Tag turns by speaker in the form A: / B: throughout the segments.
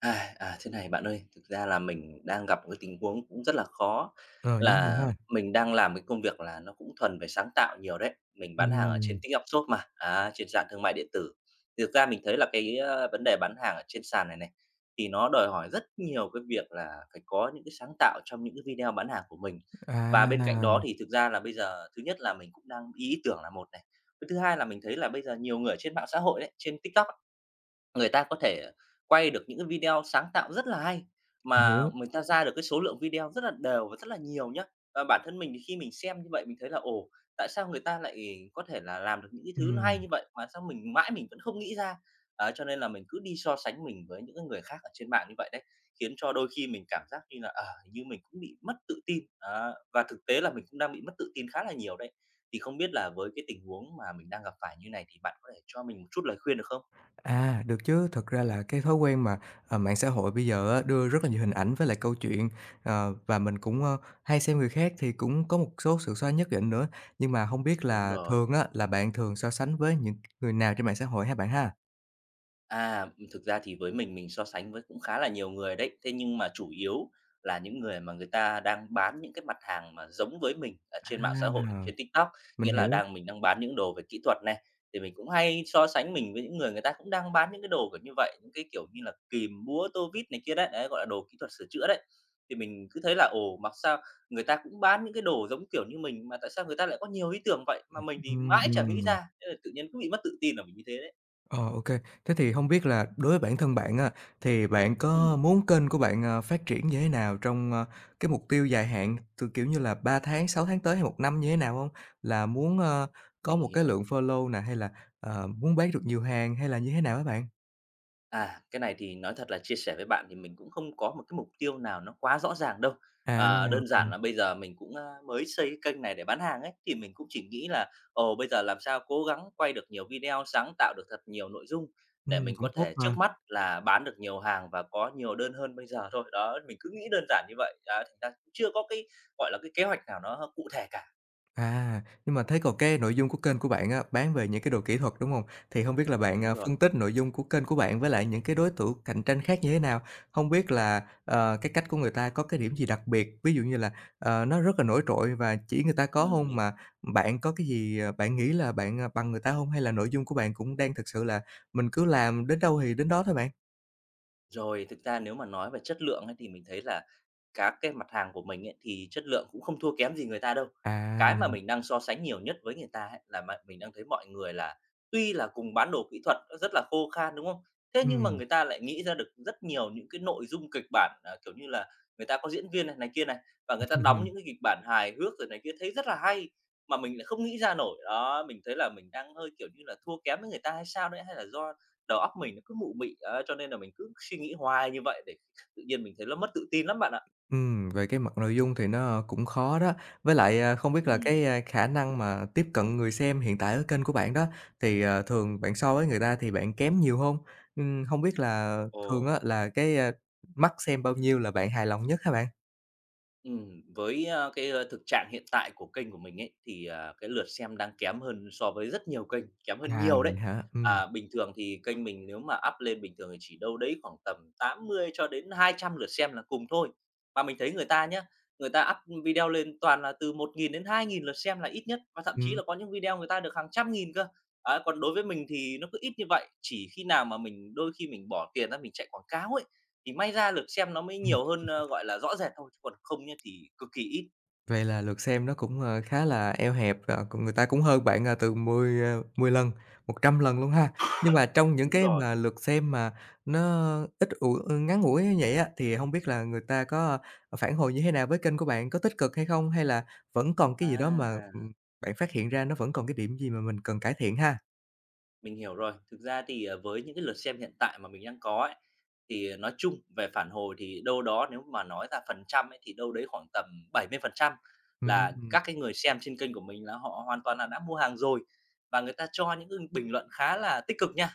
A: À, à, thế này bạn ơi, thực ra là mình đang gặp một cái tình huống cũng rất là khó
B: Rồi, những gì
A: là
B: ha?
A: mình đang làm cái công việc là nó cũng thuần về sáng tạo nhiều đấy, mình bán hàng ở trên
B: Ừm.
A: TikTok Shop mà, a, trên sàn thương mại điện tử. Thì thực ra mình thấy là cái, a, vấn đề bán hàng ở trên sàn này này, thì nó đòi hỏi rất nhiều cái việc là phải có những cái sáng tạo trong những cái video bán hàng của mình. Và bên cạnh
B: À.
A: đó, thì thực ra là bây giờ, thứ nhất là mình cũng đang ý tưởng là một này, cái thứ hai là mình thấy là bây giờ nhiều người ở trên mạng xã hội ấy, trên TikTok á, người ta có thể quay được những cái video sáng tạo rất là hay,
B: Mình
A: mà
B: hiểu.
A: người ta ra được cái số lượng video rất là đều và rất là nhiều nhá. Mà bản thân mình thì khi mình xem như vậy mình thấy là "Ồ, tại sao người ta lại có thể là làm được những cái thứ nó hay
B: Ừm.
A: như vậy mà sao mình mãi mình vẫn không nghĩ ra?" Đấy, cho nên là mình cứ đi so sánh mình với những cái người khác ở trên mạng như vậy đấy, khiến cho đôi khi mình cảm giác như là, ờ, hình như mình cũng bị mất tự tin, đó, và thực tế là mình cũng đang bị mất tự tin khá là nhiều đấy. Thì không biết là với cái tình huống mà mình đang gặp phải như này thì bạn có thể cho mình một chút lời khuyên được không?
B: À, được chứ, thật ra là cái thói quen mà, à, mạng xã hội bây giờ á đưa rất là nhiều hình ảnh với lại câu chuyện, ờ, và mình cũng, a, hay xem người khác thì cũng có một số sự so nhất định nữa. Nhưng mà, hông biết
A: Đúng
B: là
A: rồi.
B: thường á, là bạn thường so sánh với những người nào trên mạng xã hội ha bạn ha?
A: À, ừm, thực ra thì với mình mình so sánh với cũng khá là nhiều người đấy, thế nhưng mà chủ yếu là những người mà người ta đang bán những cái mặt hàng mà giống với mình ở
B: À!
A: trên mạng xã hội, trên TikTok.
B: Mình
A: Nghĩa là
B: hiểu.
A: đang mình đang bán những đồ về kỹ thuật này, thì mình cũng hay so sánh mình với những người người ta cũng đang bán những cái đồ kiểu như vậy, những cái kiểu như là kìm, búa, tô vít này kia đấy, đấy, gọi là đồ kỹ thuật sửa chữa đấy. Thì mình cứ thấy là, ồ, mặc sao người ta cũng bán những cái đồ giống kiểu như mình mà tại sao người ta lại có nhiều ý tưởng vậy mà mình thì
B: Ừm,
A: mãi
B: ừm,
A: chẳng nghĩ
B: ừm.
A: ra, thế là tự nhiên cứ bị mất tự tin là mình như thế đấy.
B: Ờ, ô kê. Thế thì hông biết là đối với bản thân bạn á thì bạn có
A: Ừm.
B: muốn kênh của bạn, ờ, phát triển như thế nào trong, a, cái mục tiêu dài hạn t kiểu như là, 3 tháng, 6 tháng tới hay 1 năm như thế nào hông? Là muốn, ơ, có
A: Mình
B: một cái
A: hiểu.
B: lượng follow nè, hay là, ờ, muốn bán được nhiều hàng hay là như thế nào hả bạn?
A: À, cái này thì nói thật là chia sẻ với bạn thì mình cũng không có một cái mục tiêu nào nó quá rõ ràng đâu.
B: À,
A: Ờ,
B: ô
A: đơn
B: kê.
A: giản là bây giờ mình cũng, a, mới xây cái kênh này để bán hàng ấy, thì mình cũng chỉ nghĩ là, ồ, bây giờ làm sao cố gắng quay được nhiều video, sáng tạo được thật nhiều nội dung để
B: Ừm,
A: mình
B: cũng
A: có
B: tốt
A: thể
B: mà.
A: trước mắt là bán được nhiều hàng và có nhiều đơn hơn bây giờ thôi. Đó, mình cứ nghĩ đơn giản như vậy, à, thành ra cũng chưa có cái, gọi là, cái kế hoạch nào nó h cụ thể cả.
B: À, nhưng mà thấy còn cái nội dung của kênh của bạn á, bán về những cái đồ kỹ thuật, đúng hông? Thì hông biết là bạn,
A: Đúng
B: ờ,
A: rồi.
B: phân tích nội dung của kênh của bạn với lại những cái đối thủ cạnh tranh khác như thế nào? Hông biết là, ờ, cái cách của người ta có cái điểm gì đặc biệt? Ví dụ như là, ờ, nó rất là nổi trội và chỉ người ta có
A: Ừm,
B: hông
A: mình
B: mà bạn có cái gì, ờ, bạn nghĩ là bạn, ờ, bằng người ta hông? Hay là nội dung của bạn cũng đang thực sự là mình cứ làm đến đâu thì đến đó thôi bạn?
A: Rồi, thực ra nếu mà nói về chất lượng ấy, thì mình thấy là các cái mặt hàng của mình ấy, thì chất lượng cũng không thua kém gì người ta đâu.
B: À.
A: Cái mà mình đang so sánh nhiều nhất với người ta ấy, là m mình đang thấy mọi người là tuy là cùng bán đồ kỹ thuật, nó rất là khô khan, đúng không? Thế nhưng mà
B: Ừm.
A: người ta lại nghĩ ra được rất nhiều những cái nội dung kịch bản, à, kiểu như là, người ta có diễn viên này kia này, và người ta đóng những cái kịch bản hài hước rồi này kia thấy rất là hay, mà mình lại không nghĩ ra nổi. Đó, mình thấy là mình đang hơi, kiểu như là, thua kém với người ta hay sao đấy, hay là do đầu óc mình nó cứ mụ mị, đấy, cho nên là mình cứ suy nghĩ hoài như vậy để tự nhiên mình thấy nó mất tự tin lắm bạn ạ.
B: Ừm, về cái mặt nội dung thì nó cũng khó đó. Với lại, à, không biết là
A: Ừm.
B: cái, a, khả năng mà tiếp cận người xem hiện tại ở kênh của bạn đó thì, ờ, thường bạn so với người ta thì bạn kém nhiều hông? Ừm, hông biết là thường
A: Ồ.
B: á, là cái, a, mắt xem bao nhiêu là bạn hài lòng nhất hả bạn?
A: Ừm, với, a, cái, a, thực trạng hiện tại của kênh của mình ấy, thì, à, cái lượt xem đang kém hơn so với rất nhiều kênh, kém hơn
B: À,
A: nhiều đấy.
B: vậy hả? Ừm.
A: À, bình thường thì kênh mình nếu mà up lên bình thường thì chỉ đâu đấy khoảng tầm 80-200 lượt xem là cùng thôi. Và mình thấy người ta nhá, người ta up video lên toàn là từ 1.000-2.000 lượt xem là ít nhất, và thậm chí
B: Ừm.
A: là có những video người ta được hàng trăm nghìn cơ. À, còn đối với mình thì nó cứ ít như vậy, chỉ khi nào mà mình đôi khi mình bỏ tiền ra mình chạy quảng cáo ấy, thì may ra lượt xem nó mới
B: Ừm.
A: nhiều hơn, ơ, gọi là, rõ rệt thôi, chứ còn không nhá thì cực kỳ ít.
B: Vậy là lượt xem nó cũng, ờ, khá là eo hẹp và còn người ta cũng hơn bạn, à, từ mười, à mười lần, 100 lần luôn ha. Nhưng mà trong những
A: Đúng
B: cái
A: rồi.
B: mà lượt xem mà nó ít ủi ơ, ngắn ngủi như vậy á thì hông biết là người ta có phản hồi như thế nào với kênh của bạn? Có tích cực hay không, hay là vẫn còn cái gì đó mà,
A: À!
B: ừm, bạn phát hiện ra nó vẫn còn cái điểm gì mà mình cần cải thiện ha?
A: Mình hiểu rồi. Thực ra thì, à, với những cái lượt xem hiện tại mà mình đang có ấy, thì nói chung về phản hồi thì đâu đó nếu mà nói ra phần trăm ấy thì đâu đấy khoảng tầm 70% là
B: Ừm.
A: các cái người xem trên kênh của mình là họ hoàn toàn là đã mua hàng rồi và người ta cho những cái bình luận khá là tích cực nha.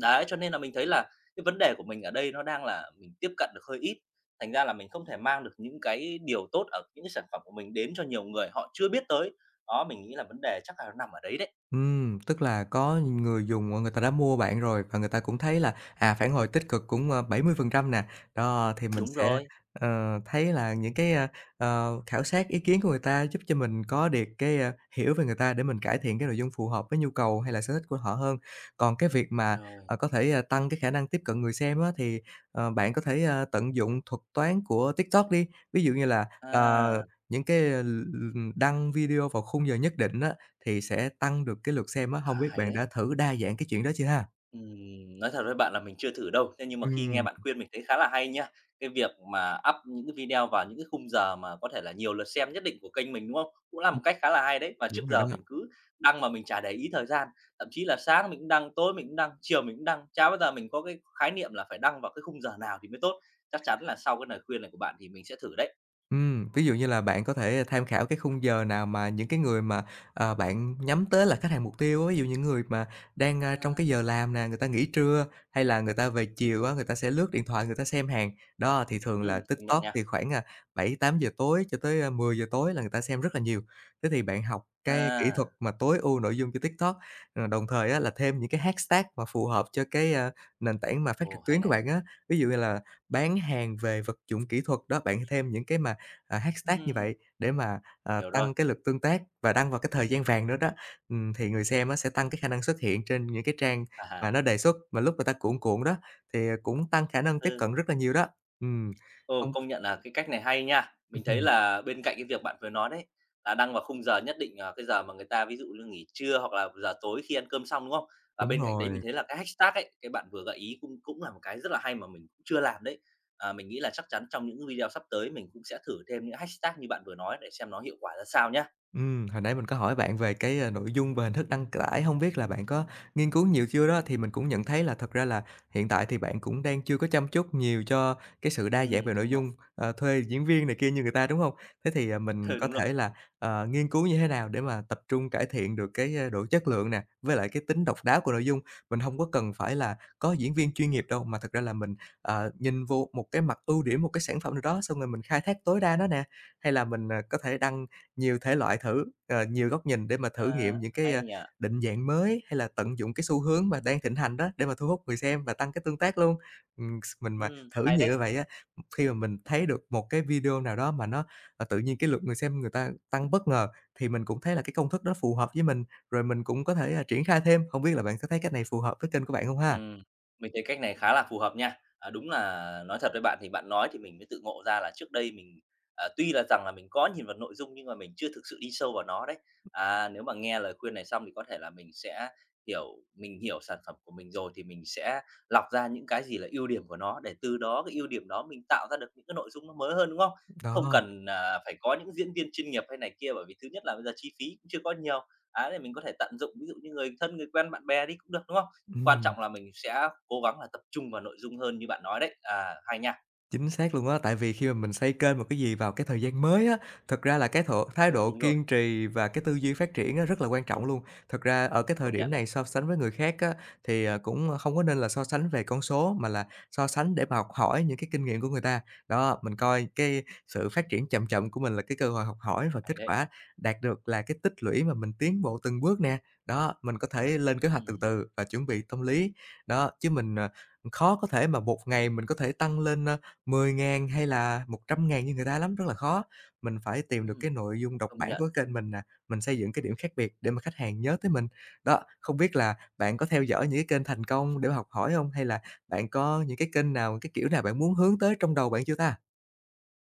A: Đấy, cho nên là mình thấy là cái vấn đề của mình ở đây nó đang là mình tiếp cận được hơi ít, thành ra là mình không thể mang được những cái điều tốt ở những cái sản phẩm của mình đến cho nhiều người họ chưa biết tới. Đó, mình nghĩ là vấn đề chắc là nó nằm ở đấy đấy.
B: Ừm, tức là có người dùng người ta đã mua bạn rồi và người ta cũng thấy là, à, phản hồi tích cực cũng, ơ, 70% nè. Đó, thì mình
A: Đúng
B: sẽ,
A: rồi.
B: ờ, thấy là những cái, a, ờ, khảo sát ý kiến của người ta giúp cho mình có được cái, a, hiểu về người ta để mình cải thiện cái nội dung phù hợp với nhu cầu, hay là sở thích của họ hơn. Còn cái việc mà,
A: Rồi.
B: à, có thể tăng cái khả năng tiếp cận người xem á thì, ờ, bạn có thể, a, tận dụng thuật toán của TikTok đi, ví dụ như là, ờ,
A: À.
B: những cái l l đăng video vào khung giờ nhất định á thì sẽ tăng được cái lượt xem á,
A: À,
B: hông biết
A: hay
B: bạn đã
A: đấy.
B: thử đa dạng cái chuyện đó chưa ha?
A: Ừm, nói thật với bạn là mình chưa thử đâu, thế nhưng mà khi nghe
B: Ừm.
A: bạn khuyên mình thấy khá là hay nha. Cái việc mà up những cái video vào những cái khung giờ mà có thể là nhiều lượt xem nhất định của kênh mình, đúng không? Cũng là
B: Ừm.
A: một cách khá là hay đấy. Và trước
B: Đúng rồi
A: giờ
B: đó.
A: mình cứ đăng mà mình chả để ý thời gian, thậm chí là sáng mình cũng đăng, tối mình cũng đăng, chiều mình cũng đăng, chả bao giờ mình có cái khái niệm là phải đăng vào cái khung giờ nào thì mới tốt. Chắc chắn là sau cái lời khuyên này của bạn thì mình sẽ thử đấy.
B: Ừm, ví dụ như là bạn có thể tham khảo cái khung giờ nào mà những cái người mà, ờ, bạn nhắm tới là khách hàng mục tiêu á, ví dụ như những người mà đang,
A: À
B: a, trong
A: ha.
B: cái giờ làm nè, người ta nghỉ trưa, hay là người ta về chiều á, người ta sẽ lướt điện thoại người ta xem hàng. Đó, thì thường là
A: Ừm, công nhận
B: TikTok
A: nha.
B: thì khoảng, a, 7:00-8:00 tối cho tới, a, 10:00 tối là người ta xem rất là nhiều. Thế thì bạn học cái kỹ thuật
A: À.
B: mà tối ưu nội dung cho TikTok, à, đồng thời á là thêm những cái hashtag mà phù hợp cho cái, a, nền tảng mà phát
A: Ồ,
B: trực
A: hay
B: tuyến của
A: này.
B: bạn á, ví dụ như là bán hàng về vật dụng kỹ thuật đó, bạn thêm những cái mà, à, hashtag như
A: Ừm.
B: vậy để mà, ờ,
A: Hiểu rồi.
B: tăng cái lượt tương tác và đăng vào cái thời gian vàng nữa đó. Ừm, thì người xem á sẽ tăng cái khả năng xuất hiện trên những cái trang
A: À
B: mà
A: ha.
B: nó đề xuất mà lúc mà ta cuộn cuộn đó thì, à, cũng tăng khả năng tiếp
A: Ừ.
B: cận rất là nhiều đó. Ừm.
A: Ồ,
B: Hông
A: công nhận là cái cách này hay nha. Mình thấy là bên cạnh cái việc bạn vừa nói đấy là đăng vào khung giờ nhất định, à, cái giờ mà người ta ví dụ như nghỉ trưa, hoặc là giờ tối khi ăn cơm xong, đúng không? Và
B: Đúng
A: bên cạnh đấy mình
B: rồi.
A: thấy là cái hashtag ấy, cái bạn vừa gợi ý cũng cũng là một cái rất là hay mà mình cũng chưa làm đấy. Ờ, mình nghĩ là chắc chắn trong những video sắp tới mình cũng sẽ thử thêm những hashtag như bạn vừa nói để xem nó hiệu quả ra sao nhá.
B: Ừm, hồi nãy mình có hỏi bạn về cái nội dung về hình thức đăng c tải, hông biết là bạn có nghiên cứu nhiều chưa? Đó, thì mình cũng nhận thấy là thật ra là hiện tại thì bạn cũng đang chưa có chăm chút nhiều cho cái sự đa dạng
A: Ừm,
B: về nội
A: đúng rồi.
B: dung, ờ, thuê diễn viên này kia như người ta, đúng hông? Thế thì, à, mình
A: Ừ,
B: có
A: đúng rồi.
B: thể là, ờ, nghiên cứu như thế nào để mà tập trung cải thiện được cái, a, độ chất lượng nè, với lại cái tính độc đáo của nội dung. Mình hông có cần phải là có diễn viên chuyên nghiệp đâu mà thật ra là mình, ờ, nhìn vô một cái mặt ưu điểm, một cái sản sản phẩm nào đó xong rồi mình khai thác tối đa nó nè, hay là mình, à, có thể đăng nhiều thể loại thử, ờ, nhiều góc nhìn để mà thử
A: À.
B: nghiệm những cái,
A: Hay
B: a,
A: nhỉ.
B: định dạng mới, hay là tận dụng cái xu hướng mà đang thịnh hành đó để mà thu hút người xem và tăng cái tương tác luôn. Ừm, s mình mà
A: Ừm,
B: thử
A: hay
B: nhiều như
A: đấy.
B: vậy á, ừm, khi mà mình thấy được một cái video nào đó mà nó, à, tự nhiên cái lượt người xem người ta tăng bất ngờ thì mình cũng thấy là cái công thức đó phù hợp với mình, rồi mình cũng có thể triển khai thêm. Hông biết là bạn có thấy cái này phù hợp với kênh của bạn hông ha?
A: Ừm. Mình thấy cách này khá là phù hợp nha. À, đúng là, nói thật với bạn thì bạn nói thì mình mới tự ngộ ra là trước đây mình, à, tuy là rằng là mình có nhìn vào nội dung, nhưng mà mình chưa thực sự đi sâu vào nó đấy. À, nếu mà nghe lời khuyên này xong thì có thể là mình sẽ hiểu mình hiểu sản phẩm của mình rồi thì mình sẽ lọc ra những cái gì là ưu điểm của nó, để từ đó cái ưu điểm đó mình tạo ra được những cái nội dung nó mới hơn, đúng không? Không
B: Đó.
A: cần, à, phải có những diễn viên chuyên nghiệp hay này kia, bởi vì thứ nhất là bây giờ chi phí cũng chưa có nhiều. Đấy, thì mình có thể tận dụng ví dụ như người thân, người quen bạn bè đi cũng được, đúng không? Quan
B: Ừm.
A: trọng là mình sẽ cố gắng là tập trung vào nội dung hơn như bạn nói đấy. À, hay nha!
B: Chính xác luôn á, tại vì khi mà mình xây kênh một cái gì vào cái thời gian mới á, thực ra là cái độ thái
A: Ừ,
B: độ
A: đúng rồi.
B: kiên trì và cái tư duy phát triển á, rất là quan trọng luôn. Thật ra ở cái thời
A: Công
B: điểm
A: nhận này.
B: này, so sánh với người khác á, thì, ờ, cũng không có nên là so sánh về con số, mà là so sánh để mà học hỏi những cái kinh nghiệm của người ta. Đó, mình coi cái sự phát triển chậm chậm của mình là cái cơ hội học hỏi, rồi
A: Hay
B: kết
A: đấy.
B: quả đạt được là cái tích lũy mà mình tiến bộ từng bước nè. Đó, mình có thể lên kế hoạch từ
A: Ừm.
B: từ và chuẩn bị tâm lý, đó, chứ mình, à, khó có thể mà một ngày mình có thể tăng lên, a, 10.000 hay là 100.000 như người ta lắm, rất là khó. Mình phải tìm được
A: Ừm.
B: cái nội dung độc
A: Công
B: bản
A: nhận.
B: của kênh mình nè, mình xây dựng cái điểm khác biệt để mà khách hàng nhớ tới mình. Đó, không biết là bạn có theo dõi những cái kênh thành công để mà học hỏi hông, hay là bạn có những cái kênh nào, cái kiểu nào bạn muốn hướng tới trong đầu bạn chưa ta?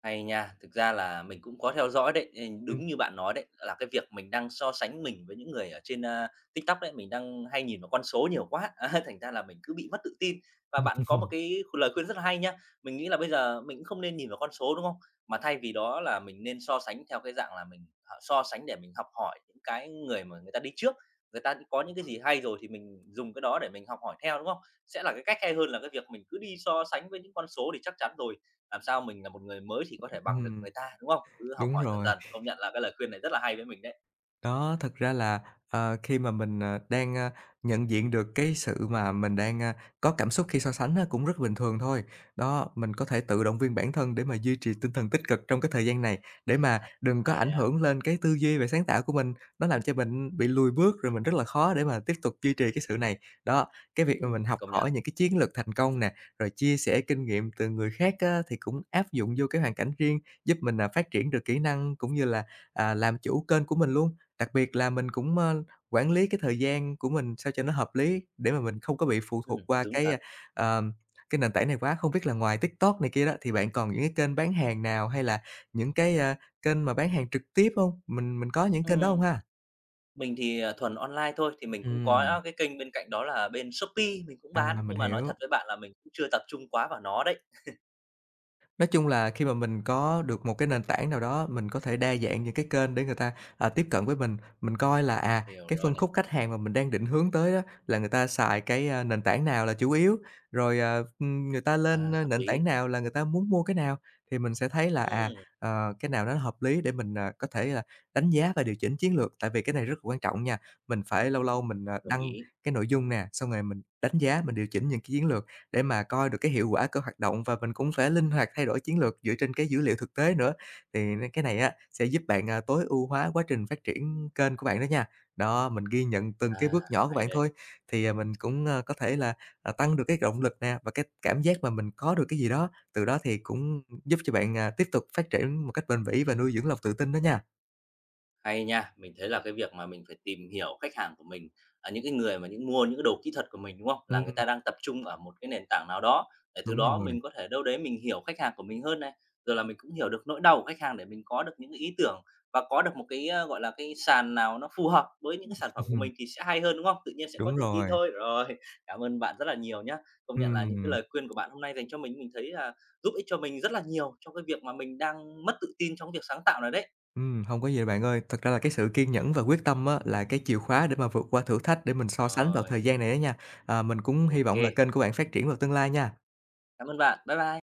A: Hay nha. Thực ra là mình cũng có theo dõi đấy. Ừm,
B: Ừm.
A: đúng như bạn nói đấy, là cái việc mình đang so sánh mình với những người ở trên, a, TikTok đấy, mình đang hay nhìn vào con số nhiều quá, a, thành ra là mình cứ bị mất tự tin. Và bạn có một cái lời khuyên rất là hay nhá, mình nghĩ là bây giờ mình cũng không nên nhìn vào con số, đúng không? Mà thay vì đó là mình nên so sánh theo cái dạng là mình, à, so sánh để mình học hỏi cái người mà người ta đi trước, người ta có những cái gì hay rồi thì mình dùng cái đó để mình học hỏi theo, đúng không? Sẽ là cái cách hay hơn là cái việc mình cứ đi so sánh với những con số, thì chắc chắn rồi, làm sao mình là một người mới thì có thể bằng được
B: Ừm.
A: người ta, đúng không? Cứ học
B: Đúng
A: hỏi dần
B: rồi.
A: dần, công nhận là cái lời khuyên này rất là hay với mình đấy.
B: Đó, thực ra là, ờ, khi mà mình, ờ, đang, a, nhận diện được cái sự mà mình đang, a, có cảm xúc khi so sánh á, cũng rất bình thường thôi. Đó, mình có thể tự động viên bản thân để mà duy trì tinh thần tích cực trong cái thời gian này để mà đừng có
A: À,
B: ảnh
A: vậy à.
B: hưởng lên cái tư duy và sáng tạo của mình, nó làm cho mình bị lùi bước, rồi mình rất là khó để mà tiếp tục duy trì cái sự này. Đó, cái việc mà
A: Ừm,
B: mình học
A: công nhận.
B: hỏi những cái chiến lược thành công nè, rồi chia sẻ kinh nghiệm từ người khác á thì cũng áp dụng vô cái hoàn cảnh riêng, giúp mình, à, phát triển được kỹ năng cũng như là, à, làm chủ kênh của mình luôn, đặc biệt là mình cũng, ơ, quản lý cái thời gian của mình sao cho nó hợp lý để mà mình không có bị phụ
A: Ừm,
B: thuộc qua
A: đúng
B: cái,
A: thật.
B: a, ờ, cái nền tảng này quá. Không biết là ngoài TikTok này kia đó, thì bạn còn những cái kênh bán hàng nào hay là những cái, a, kênh mà bán hàng trực tiếp hông? Mình mình có những kênh đó hông
A: Ừm.
B: ha?
A: Mình thì, à, thuần online thôi, thì mình cũng
B: Ừm.
A: có cái kênh bên cạnh đó là bên Shopee mình cũng
B: À,
A: bán,
B: mình
A: nhưng mà nói
B: hiểu.
A: thật với bạn là mình cũng chưa tập trung quá vào nó đấy.
B: Nói chung là khi mà mình có được một cái nền tảng nào đó, mình có thể đa dạng những cái kênh để người ta, à, tiếp cận với mình. Mình coi là, à,
A: Hiểu
B: cái
A: rồi
B: phân
A: này.
B: khúc khách hàng mà mình đang định hướng tới á là người ta xài cái, a, nền tảng nào là chủ yếu, rồi, à, ừm, người ta lên,
A: À,
B: a,
A: hợp
B: nền
A: lý.
B: tảng nào là người ta muốn mua cái nào, thì mình sẽ thấy là, à,
A: Ừm.
B: ờ, cái nào nó hợp lý để mình, à, có thể là đánh giá và điều chỉnh chiến lược, tại vì cái này rất quan trọng nha. Mình phải lâu lâu mình, à,
A: Đồng
B: đăng
A: ý.
B: cái nội dung nè, xong rồi mình đánh giá, mình điều chỉnh những cái chiến lược để mà coi được cái hiệu quả của hoạt động, và mình cũng phải linh hoạt thay đổi chiến lược dựa trên cái dữ liệu thực tế nữa, thì n cái này á sẽ giúp bạn, à, tối ưu hóa quá trình phát triển kênh của bạn đó nha. Đó, mình ghi nhận từng cái
A: À,
B: bước nhỏ của
A: hay
B: bạn
A: đây.
B: thôi thì mình cũng, a, có thể là, à, tăng được cái động lực nè và cái cảm giác mà mình có được cái gì đó, từ đó thì cũng giúp cho bạn, à, tiếp tục phát triển một cách bền bỉ và nuôi dưỡng lòng tự tin đó nha.
A: Hay nha. Mình thấy là cái việc mà mình phải tìm hiểu khách hàng của mình, à, những cái người mà những mua cái đồ kỹ thuật của mình, đúng không? Là người
B: Ừm.
A: ta đang tập trung ở một cái nền tảng nào đó, để từ
B: Đúng
A: đó
B: rồi.
A: mình có thể đâu đấy mình hiểu khách hàng của mình hơn này, rồi là mình cũng hiểu được nỗi đau của khách hàng để mình có được những cái ý tưởng và có được một cái, a, gọi là, cái sàn nào nó phù hợp với những
B: Ừm.
A: cái sản phẩm của mình thì sẽ hay hơn, đúng không? Tự nhiên sẽ có
B: Đúng
A: tự tin
B: rồi.
A: thôi. Rồi, cảm ơn bạn rất là nhiều nhá. Công nhận là những cái
B: Ừm.
A: lời khuyên của bạn hôm nay dành cho mình, mình thấy là giúp ích cho mình rất là nhiều trong cái việc mà mình đang mất tự tin trong cái việc sáng tạo này đấy.
B: Ừm, hông có gì đâu bạn ơi, thật ra là cái sự kiên nhẫn và quyết tâm á là cái chìa khóa để mà vượt qua thử thách để mình so sánh vào
A: Rồi.
B: thời gian này đó nha. À, mình cũng hy vọng là
A: OK.
B: kênh của bạn phát triển vào tương lai nha.
A: Cảm ơn bạn, bye bye!